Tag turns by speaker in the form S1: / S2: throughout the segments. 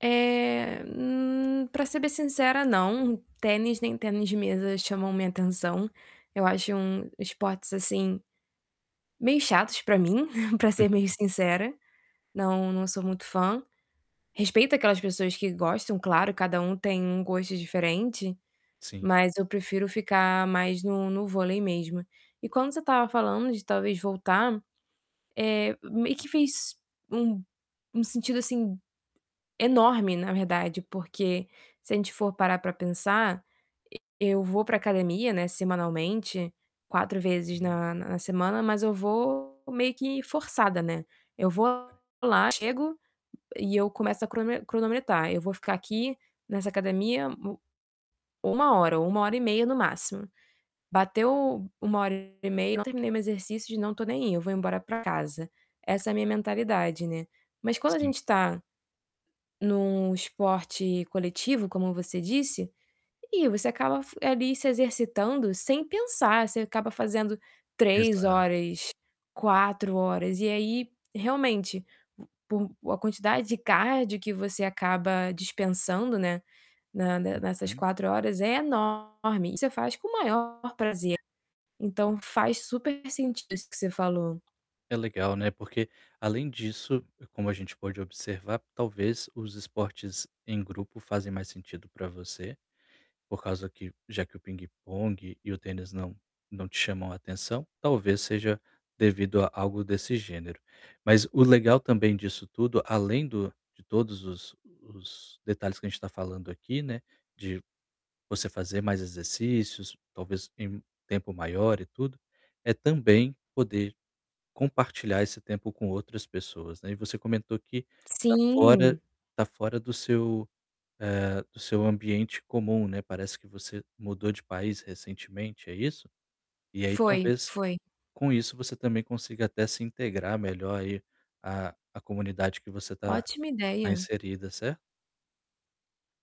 S1: Eh, hum, pra ser bem sincera, não. Tênis, nem tênis de mesa chamam minha atenção. Eu acho um esportes, assim, meio chatos pra mim, pra ser meio
S2: [unintelligible]
S1: sincera. Não, não sou muito fã. Respeito aquelas pessoas que gostam, claro, cada um tem um gosto diferente,
S2: Sim.
S1: mas eu prefiro ficar mais no no vôlei mesmo. E quando você estava falando de talvez voltar, eh, meio que fez um um sentido, assim, enorme, na verdade, porque se a gente for parar pra pensar, e eu vou pra academia, né, semanalmente, 4 vezes na na semana, mas eu vou meio que forçada, né. Eu vou lá, chego e eu começo a cronome cronometrar: "Eu vou ficar aqui nessa academia u uma hora ou 1 hora e meia no máximo. Bateu 1 hora e meia e eu não terminei meu exercício, não tô nem aí, eu vou embora pra casa.", essa é a minha mentalidade, né. Mas quando a
S2: Sim.
S1: gente tá num esporte coletivo, como você disse, ih, você acaba f ali se exercitando sem pensar. Você acaba fazendo 3
S2: Exato.
S1: horas, 4 horas, e aí realmente, por a quantidade de cardio que você acaba dispensando, né, na ne nessas
S2: Uhum.
S1: 4 horas é enorme e você faz com o maior prazer. Então faz super sentido isso que você falou.
S2: É legal, né, porque, além disso, como a gente pode observar, talvez os esportes em grupo fazem mais sentido pra você, por causa que já que o pingue-pongue e o tênis não não te chamam a atenção, talvez, seja devido a algo desse gênero. Mas o legal também disso tudo, além do de todos os os detalhes que a gente tá falando aqui, né, de você fazer mais exercícios, talvez, em tempo maior e tudo, é também poder compartilhar esse tempo com outras pessoas, né. E você comentou que tá fora
S1: Sim.
S2: tá fora do seu, eh, do seu ambiente comum, né. Parece que você mudou de país recentemente, é isso? E aí
S1: Foi,
S2: talvez
S1: foi.
S2: com isso você também consiga até se integrar melhor aí à à comunidade que você tá
S1: Ótima
S2: tá
S1: ideia.
S2: inserida, certo?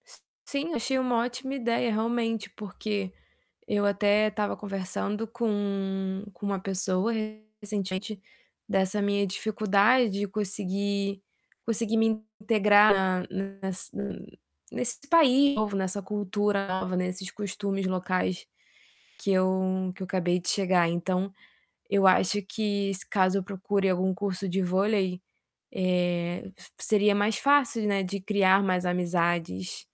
S1: S sim, achei uma ótima ideia, realmente, porque eu até estava conversando com com uma pessoa recentemente dessa minha dificuldade de conseguir conseguir me integrar na nessa n nesse país novo, nessa cultura nova, nesses costumes locais que eu que eu acabei de chegar. Então eu acho que se caso eu procure algum curso de vôlei, eh, se seria mais fácil, né, de criar mais amizades.